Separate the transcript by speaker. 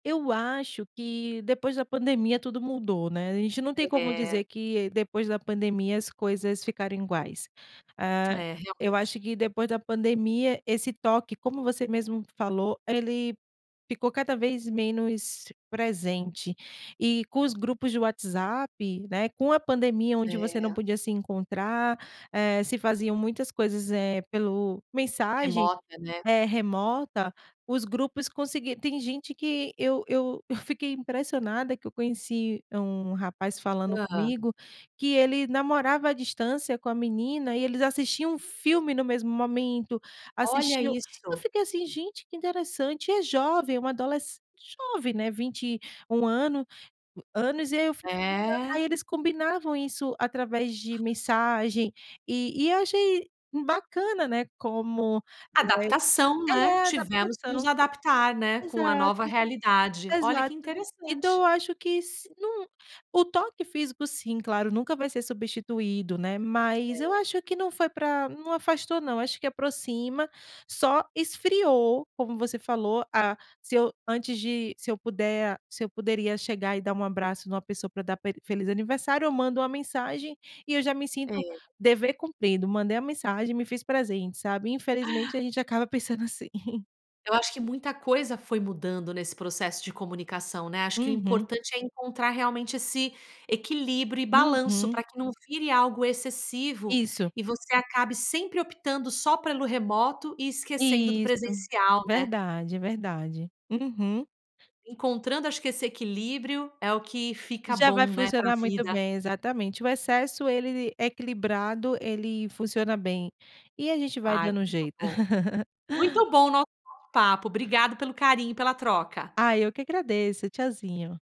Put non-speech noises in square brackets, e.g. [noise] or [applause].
Speaker 1: Eu acho que depois da pandemia tudo mudou, né. A gente não tem como
Speaker 2: É.
Speaker 1: dizer que depois da pandemia as coisas ficaram iguais. Ah,
Speaker 2: É,
Speaker 1: eu
Speaker 2: realmente.
Speaker 1: acho que depois da pandemia esse toque, como você mesmo falou, ele ficou cada vez menos presente. E com os grupos de WhatsApp, né, com a pandemia, onde você
Speaker 2: É.
Speaker 1: não podia se encontrar, eh, se faziam muitas coisas, eh, pelo mensagem
Speaker 2: Remota, né?
Speaker 1: eh, remota. Os grupos conseguir tem gente que eu eu eu fiquei impressionada que eu conheci um rapaz falando
Speaker 2: Hã?
Speaker 1: comigo, que ele namorava à distância com a menina e eles assistiam um filme no mesmo momento,
Speaker 2: Olha
Speaker 1: assistiam eu
Speaker 2: isso!
Speaker 1: fiquei assim: "Gente, que interessante". É jovem, um adolesce jovem, né, 21 ano anos e aí eu [unintelligible]
Speaker 2: É.
Speaker 1: aí eles combinavam isso através de mensagem e e achei bacana, né, como, eh
Speaker 2: Adaptação, né,
Speaker 1: é,
Speaker 2: tivemos que nos
Speaker 1: adaptação.
Speaker 2: adaptar, né, com a
Speaker 1: Exato,
Speaker 2: nova realidade. Olha que
Speaker 1: exato. Então
Speaker 2: interessante!
Speaker 1: eu acho que se não o toque físico, sim, claro, nunca vai ser substituído, né, mas eu
Speaker 2: É.
Speaker 1: acho que não foi pra não afastou não, acho que aproxima. Só esfriou, como você falou. Ah, se eu antes de se eu puder se eu poderia chegar e dar um abraço numa pessoa para dar pe feliz aniversário, eu mando uma mensagem e eu já me sinto
Speaker 2: É.
Speaker 1: "dever cumprido". Mandei a mensagem, me fiz presente, sabe? Infelizmente a gente acaba pensando assim. [giggles]
Speaker 2: Eu acho que muita coisa foi mudando nesse processo de comunicação, né. Acho que o
Speaker 1: Uhum.
Speaker 2: importante é encontrar realmente esse equilíbrio e balanço
Speaker 1: Uhum.
Speaker 2: pra que não vire algo excessivo
Speaker 1: Isso.
Speaker 2: e você acabe sempre optando só pelo remoto e esquecendo do
Speaker 1: Isso,
Speaker 2: presencial, né?
Speaker 1: verdade, é verdade. Uhum.
Speaker 2: Encontrando acho que esse equilíbrio, é o que
Speaker 1: E
Speaker 2: fica
Speaker 1: já vai
Speaker 2: bom, né, pra
Speaker 1: funcionar muito
Speaker 2: vida.
Speaker 1: bem, exatamente. O excesso, ele equilibrado, ele funciona bem. E a gente vai
Speaker 2: Ai,
Speaker 1: dando um
Speaker 2: muito
Speaker 1: jeito.
Speaker 2: bom.
Speaker 1: [giggles]
Speaker 2: Muito bom o nosso papo, obrigada pelo carinho e pela troca.
Speaker 1: Ah, eu que agradeço. Tchauzinho!